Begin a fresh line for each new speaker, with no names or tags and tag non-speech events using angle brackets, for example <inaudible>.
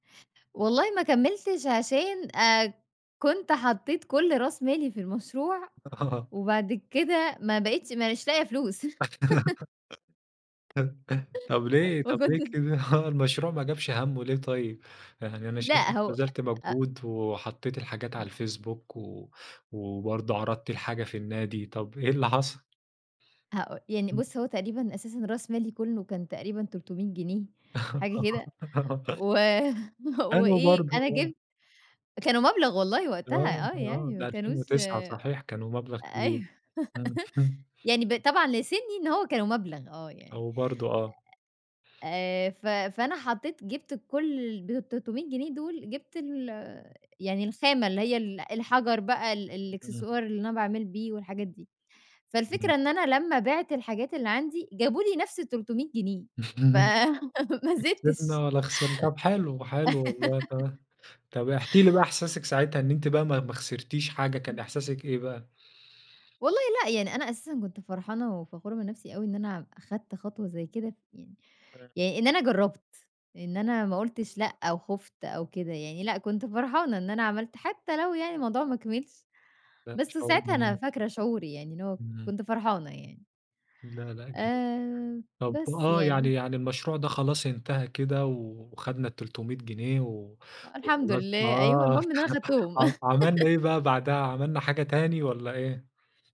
والله ما كمّلتش عشان، آآ كنت حطّيت كل راس مالي في المشروع،
آه.
وبعد كده ما بقيتش مانيش لاقية فلوس. <chuckles>
<laughs> طب ليه،
ما
طب ليه
كُنتش
كده؟ هو المشروع ما جابش همّه، ليه طيّب؟ يعني أنا شايف إن
لأ
أنتِ
هو
بذلتِ
أ أ
مجهود، وحطِّيتِ الحاجات على
إمم.
الفيسبوك و وبرضه عَرَضتِ الحاجة في النادي، طب إيه اللي حصل؟
هاقو يعني
إمم.
بُص هو تقريبًا أساسًا راس مالي كُلّه كان تقريبًا 300 جنيه، حاجة كده، و
<giggles>
<chuckles>
حلو
وإيه،
برضه،
أنا
آه.
جِبت كانوا مبلغ والله
آه،
وقتها آه،
آه
يعني ما
ده ألفين
كانوش
وتسعة صحيح، كانوا مبلغ كبير.
أيوه.
امم.
<chuckles>
<chuckles>
يعني ب طبعًا لسنّي إن هو كانوا مبلغ، آه يعني،
أو برضه آه.
آآ ف فأنا حطّيت جِبت كل ال بال300 جنيه دُول جِبت ال يعني الخامة اللي هي ال الحجر بقى، ال
إمم.
الإكسسوار اللي أنا باعمل بيه والحاجات دي،
إمم.
فالفكرة إن أنا لمّا بِعت الحاجات اللي عندي، جابوا لي نفس ال300 جنيه،
<chuckles>
فما
لا
زِدتش.
كسبنا ولا خسرنا. طب حلو، حلو والله
<laughs>
تما طب احكِ لي بقى إحساسِك ساعتها إن أنتِ بقى ما ما خسرتيش حاجة، كان
إمم.
إحساسِك إيه بقى؟
والله لأ، يعني أنا أساسًا كنت فرحانة وفخورة من نفسي أوي إن أنا أخدت خطوة زي كده، يعني
امم.
يعني إن أنا جرّبت إن أنا ما قُلتش لأ أو خفت أو كده يعني، لأ، كنت فرحانة إن أنا عملت حتى لو يعني الموضوع ما كمِلش،
لأ
بس
شعور
ساعتها أنا
<unintelligible>
فاكرة شعوري يعني إن هو
إمم.
كنت فرحانة يعني.
لا، لا جميل.
آآ،
طب
بس
آه،
يعني.
يعني يعني المشروع ده خلاص انتهى كده وخدنا ال300 جنيه و
أ الحمد
وخلاص،
لله أيوه،
آه،
المهم إن أنا
<chuckles>
خدتهم.
ع عمَلنا
<laughs>
إيه بقى بعدها، عمَلنا حاجة تاني والّا إيه؟